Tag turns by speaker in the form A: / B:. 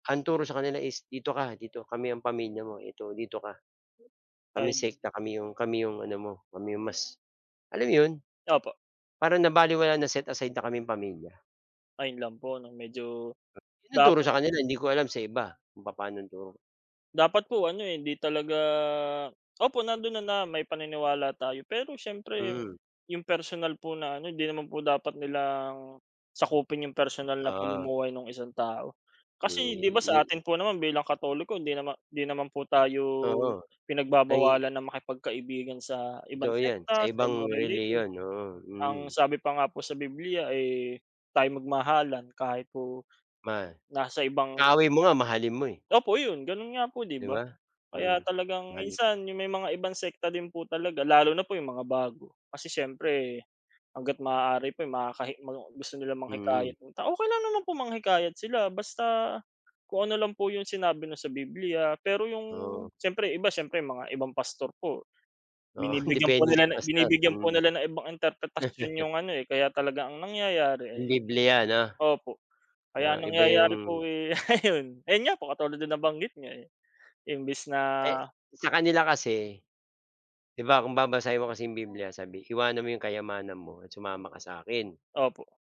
A: Ang turo sa kanila is, "Dito ka, dito kami ang pamilya mo, ito dito ka, kami
B: Ay!
A: sekta, kami 'yong kami 'yong ano mo, 'yong mas" Alam mo 'yon?
B: Opo.
A: Parang nabalewala, na set aside na kaming pamilya.
B: Ayun, lang po 'no? Medyo,
A: 'Yon ang turo
B: dapat
A: sa kanila, hindi ko alam sa iba, kung papaano ang turo.
B: Dapat po ano, eh, hindi talaga opo, nando'n na na may paniniwala tayo. Pero siyempre
A: Hmm.
B: yung personal po na ano hindi naman po dapat nilang sakupin yung personal na
A: Ah.
B: pamumuhay nung 1 tao.
A: Ni
B: Kasi 'di ba,
A: ni
B: sa atin po naman bilang Katoliko, hindi naman hindi naman po tayo
A: Oo, nanghi
B: pinagbabawalan na makipagkaibigan sa ibang
A: Totoo yan! Sa
B: sekta, sa ibang
A: ibang
B: relihiyon.
A: relihiyon, oo, mm.
B: Ang sabi pa nga po sa Bibliya, eh, tayo'y magmahalan kahit po
A: Ma
B: nasa ibang
A: kaaway mo nga mahalin mo, eh.
B: Opo 'yon, ganon nga po, 'di
A: 'Di
B: ba?
A: ba?
B: Kaya
A: Mm,
B: talagang
A: mahalin.
B: minsan yung may mga ibang sekta din po talaga lalo na po yung mga bago. Kasi siyempre hangga't maaari po yung makakahi mga gusto nilang
A: Mm.
B: manghikayat ng tao. Okey lang naman po manghikayat sila, basta kung ano lang po yung sinabi 'no, sa Bibliya. Pero yung
A: Oo.
B: siyempre iba siyempre mga ibang pastor po
A: Oo,
B: binibigyang po
A: depende sa
B: nila na
A: pastor,
B: binibigyan po
A: mhm.
B: nila ng ibang interpretasyon yung ano, eh, kaya talaga ang nangyayari,
A: Yung
B: eh
A: bibliya, 'no?
B: opo, kaya
A: 'No,
B: ang
A: Iba
B: nangyayari
A: yung
B: po, eh, ayun ayun nga po katulad din ng nabanggit niyo, eh, imbis na
A: Eh, sa kanila kasi, 'di ba, kung babasahin mo kasi yung Bibliya sabi, "Iwanan mo 'yong kayamanan mo at sumama ka sa'kin."
B: Opo.